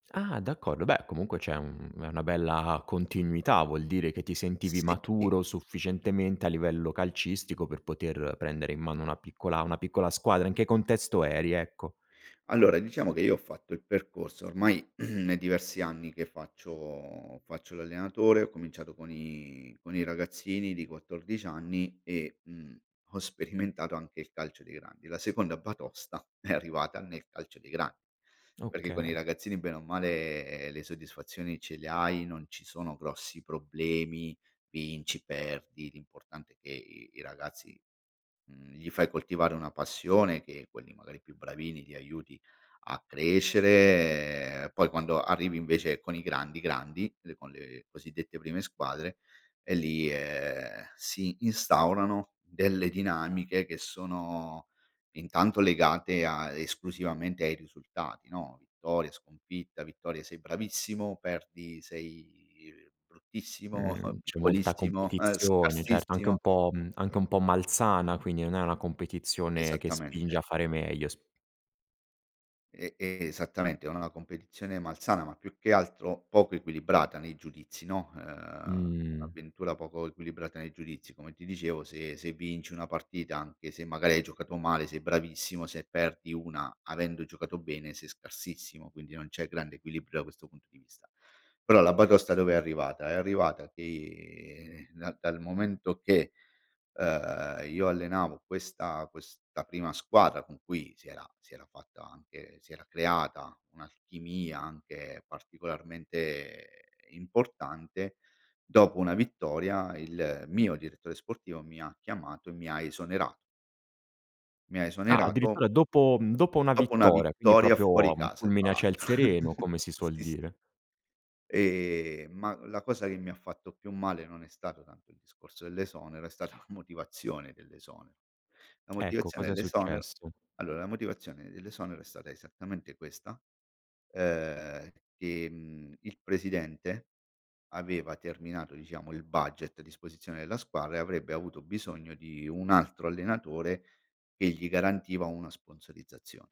Ah! D'accordo, beh comunque c'è un è una bella continuità, vuol dire che ti sentivi Sì. maturo sufficientemente, a livello calcistico, per poter prendere in mano una piccola una piccola squadra in che contesto eri? Ecco. Allora, diciamo che io ho fatto il percorso ormai è diversi anni che faccio faccio l'allenatore, ho cominciato con i con i ragazzini di 14 anni e, mhmm, ho sperimentato anche il calcio dei grandi. La seconda batosta è arrivata nel calcio dei gra perché con i Okay. ragazzini, bene o male, le soddisfazioni ce le hai, non ci sono grossi problemi, vinci, perdi, l'importante è che i i ragazzi, mhmm, gli fai coltivare una passione che, quelli magari più bravini, li aiuti a crescere, poi quando arrivi, invece, con i grandi, grandi, le con le cosiddette prime squadre, e lì, ehm, si instaurano, delle dinamiche che sono, intanto, legate a esclusivamente ai risultati, no, vittoria, sconfitta. Vittoria, sei bravissimo, perdi, sei bruttissimo, Mh, c'è molta piccolissimo, competizione, certo, anche un scarsissimo. po' mhmm, anche un po' malsana, quindi non è una competizione che spinge a Esattamente. fare meglio, s E e esattamente, è una la competizione malsana, ma più che altro, poco equilibrata nei giudizi, no. Uhm, Mh. avventura poco equilibrata nei giudizi, come ti dicevo, se se vinci 1 partita, anche se magari hai giocato male, sei bravissimo, se perdi 1 avendo giocato bene, sei scarsissimo, quindi non c'è grande equilibrio, da questo punto di vista. Però, la batosta dove è arrivata? È arrivata che dal dal momento che, uhm, io allenavo questa questa prima squadra con cui si era si era fatta, anche si era creata un'alchimia, anche particolarmente importante, dopo 1 vittoria il mio direttore sportivo mi ha chiamato, e mi ha esonera mi ha Ah! esonerato Addirittura dopo, mhmm, dopo 1 dopo 1 vittoria, quindi vittoria proprio fuori un casa, fra fulmine a ciel l'altr sereno, come si suol Sì, sì. dire. Ehm, ma, la cosa che mi ha fatto più male, non è stato tanto il discorso dell'esonero, è stata la motivazione dell'esonero. La Ecco, motivazione cosa è dell'esonero successo? allora, la motivazione dell'esonero è stata esattamente questa, uhm, che, mhmm, il presidente, aveva terminato, diciamo, il budget a disposizione della squadra e, avrebbe avuto bisogno di un altro allenatore, che gli garantiva una sponsorizzazione.